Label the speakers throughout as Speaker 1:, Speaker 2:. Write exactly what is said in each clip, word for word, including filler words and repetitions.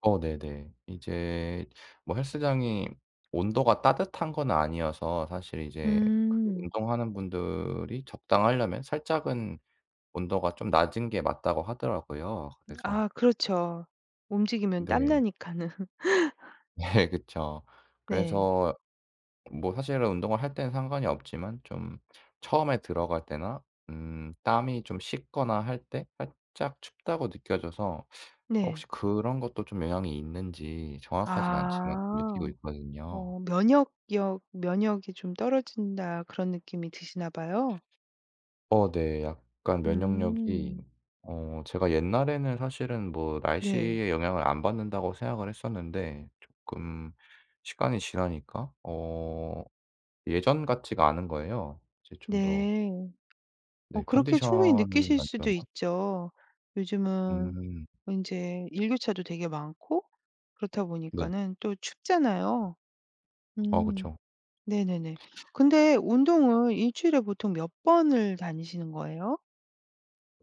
Speaker 1: 어. 네네. 이제 뭐 헬스장이 온도가 따뜻한 건 아니어서 사실 이제 그
Speaker 2: 음.
Speaker 1: 운동하는 분들이 적당하려면 살짝은 온도가 좀 낮은 게 맞다고 하더라고요. 그래서
Speaker 2: 아 그렇죠. 움직이면
Speaker 1: 네.
Speaker 2: 땀나니까는.
Speaker 1: 네. 그쵸.
Speaker 2: 네.
Speaker 1: 그래서 뭐 사실은 운동을 할 때는 상관이 없지만 좀 처음에 들어갈 때나 음 땀이 좀 식거나 할 때 살짝 춥다고 느껴져서 혹시
Speaker 2: 네.
Speaker 1: 그런 것도 좀 영향이 있는지 정확하진 않지만 느끼고
Speaker 2: 아.
Speaker 1: 있거든요.
Speaker 2: 어 면역력 면역이 좀 떨어진다 그런 느낌이 드시나 봐요?
Speaker 1: 어 네. 약간 면역력이
Speaker 2: 음.
Speaker 1: 어 제가 옛날에는 사실은 뭐
Speaker 2: 네.
Speaker 1: 날씨의 영향을 안 받는다고 생각을 했었는데 쪼끔 시간이 지나니까 어 예전 같지가 않은 거예요. 이제 좀 더
Speaker 2: 네. 어
Speaker 1: 네.
Speaker 2: 그렇게 충분히
Speaker 1: 컨디션이
Speaker 2: 느끼실
Speaker 1: 안
Speaker 2: 수도
Speaker 1: 좋나?
Speaker 2: 있죠. 요즘은
Speaker 1: 음.
Speaker 2: 인제 일교차도 되게 많고 그렇다
Speaker 1: 네.
Speaker 2: 보니까는 또 춥잖아요.
Speaker 1: 어.
Speaker 2: 음.
Speaker 1: 그쵸.
Speaker 2: 네네네. 근데 운동은 일 주일에 보통 몇 번을 다니시는 거예요?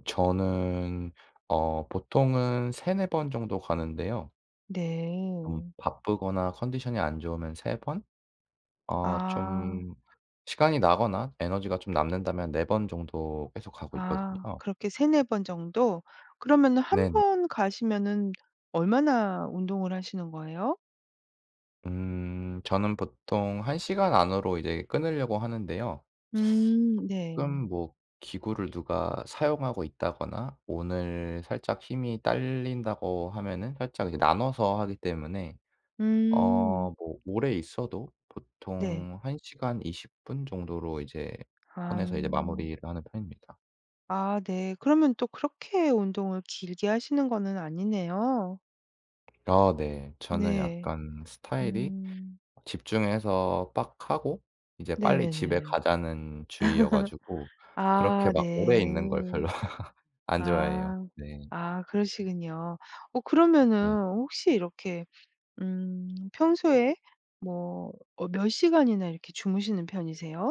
Speaker 1: 저는 어 보통은 세네 번 정도 가는데요. 음
Speaker 2: 네.
Speaker 1: 바쁘거나 컨디션이 안 좋으면 세 번? 아 좀
Speaker 2: 아.
Speaker 1: 시간이 나거나 에너지가 좀 남는다면 네 번 정도 계속 가고
Speaker 2: 아.
Speaker 1: 있거든요.
Speaker 2: 그렇게 세네 번 정도. 그러면은
Speaker 1: 네네.
Speaker 2: 한번 가시면은 얼마나 운동을 하시는 거예요?
Speaker 1: 음. 저는 보통 한 시간 안으로 이제 끊으려고 하는데요.
Speaker 2: 음. 네.
Speaker 1: 가끔 뭐 기구를 누가 사용하고 있다거나 오늘 살짝 힘이 딸린다고 하면은 살짝 이 나눠서 하기 때문에 어
Speaker 2: 음.
Speaker 1: 뭐 오래 있어도
Speaker 2: 네.
Speaker 1: 보통 한 시간 이십 분 정도로 이제
Speaker 2: 아.
Speaker 1: 선에서 이제 마무리를 하는 편입니다.
Speaker 2: 아 네. 그러면 또 그렇게 운동을 길게 하시는 거는 아니네요.
Speaker 1: 아. 네. 저는
Speaker 2: 네.
Speaker 1: 약간 스타일이
Speaker 2: 음.
Speaker 1: 집중해서 빡 하고 이제 빨리 집에
Speaker 2: 네네네.
Speaker 1: 가자는 주의여 가지고 그렇게
Speaker 2: 아.
Speaker 1: 막 오래
Speaker 2: 네.
Speaker 1: 있는 걸 별로 안 좋아해요.
Speaker 2: 아.
Speaker 1: 네.
Speaker 2: 아 그러시군요. 어
Speaker 1: 네.
Speaker 2: 그러면은 혹시 이렇게 음 평소에 뭐 어 몇 시간이나 이렇게 주무시는 편이세요?